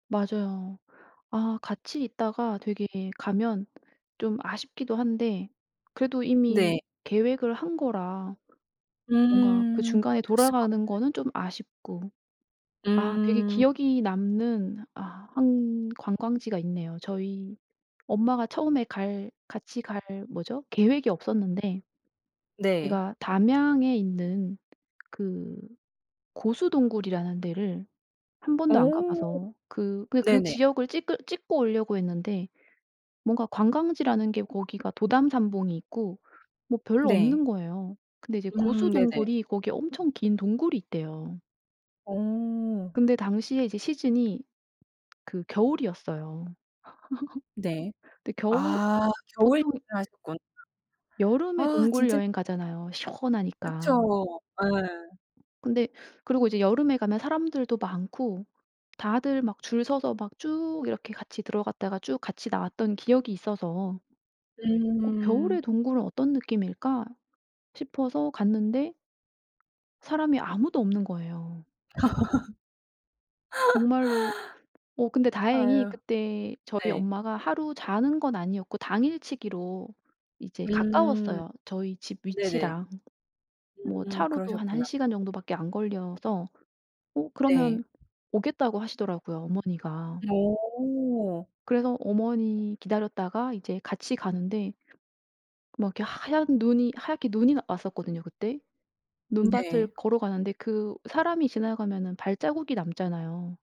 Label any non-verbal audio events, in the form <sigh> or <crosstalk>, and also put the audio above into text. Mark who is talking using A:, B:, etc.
A: 맞아요. 아 같이 있다가 되게 가면 좀 아쉽기도 한데 그래도 이미
B: 네.
A: 계획을 한 거라. 뭔가 그
B: 음
A: 중간에
B: 어쩔 수가
A: 돌아가는
B: 없는.
A: 거는 좀 아쉽고 아 되게
B: 음.
A: 기억이 남는 아 1 관광지가 있네요. 저희 엄마가 처음에 갈 같이 갈 뭐죠? 계획이 없었는데.
B: 네.
A: 거기가 담양에 있는 그 고수동굴이라는 데를 1 번도 안
B: 어
A: 가봐서 그 그냥
B: 네네.
A: 지역을 찍을 찍고 오려고 했는데 뭔가 관광지라는 게 거기가 도담산봉이 있고 뭐 별로
B: 네.
A: 없는 거예요. 근데 이제
B: 음
A: 고수
B: 네네.
A: 동굴이 거기에 엄청 긴 동굴이 있대요.
B: 어.
A: 근데 당시에 이제 시즌이 그 겨울이었어요.
B: 네.
A: <laughs> 근데 겨울
B: 아 겨울여행을
A: 보통
B: 하셨구나.
A: 여름에
B: 아 진짜
A: 동굴여행 가잖아요
B: 그쵸.
A: 시원하니까.
B: 예.
A: 근데 그리고 이제 여름에 가면 사람들도 많고 다들 막 줄 서서 막 쭉 이렇게 같이 들어갔다가 쭉 같이 나왔던 기억이 있어서 '어
B: 음.
A: 겨울의 동굴은 어떤 느낌일까.' 싶어서 갔는데 사람이 아무도 없는 거예요. 정말로 어 근데
B: <laughs>
A: 다행히
B: 아유.
A: 그때 저희
B: 네.
A: 엄마가 하루 자는 건 아니었고 당일치기로 이제
B: 음.
A: 가까웠어요 저희 집
B: 네네.
A: 위치랑. 뭐
B: 음
A: 차로도 한
B: 그러셨구나.
A: 1 시간 정도 밖에 안 걸려서 어
B: 네.
A: 그러면 오겠다고 하시더라고요 어머니가.
B: 어.
A: 그래서 어머니 기다렸다가 이제 같이 가는데 막 이렇게 하얀 눈이 하얗게 눈이 왔었거든요 그때. 눈밭을
B: 네.
A: 걸어가는데 그 사람이 지나가면은 발자국이 남잖아요.